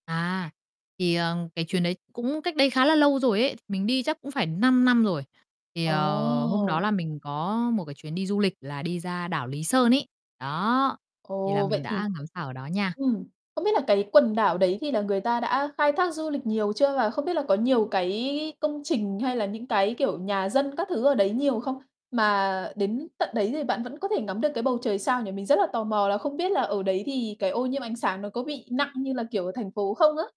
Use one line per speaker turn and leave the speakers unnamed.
À, thì, ờ, cái chuyến đấy cũng cách đây khá là lâu rồi ấy, mình đi chắc cũng phải 5 năm rồi. Thì, ờ, hôm đó
Ồ.
là mình có một cái chuyến đi du lịch là đi ra đảo Lý Sơn ấy. Đó, thì là
Ồ,
mình
vậy thì,
đã ngắm sao ở đó nha.
ừm, không biết là cái quần đảo đấy thì là người ta đã khai thác du lịch nhiều chưa và không biết là có nhiều cái công trình hay là những cái, kiểu, nhà dân các thứ ở đấy nhiều không? Mà đến tận đấy thì bạn vẫn có thể ngắm được cái bầu trời sao nhỉ? Mình rất là tò mò là không biết là ở đấy thì cái ô nhiễm ánh sáng nó có bị nặng như là, kiểu, ở thành phố không á?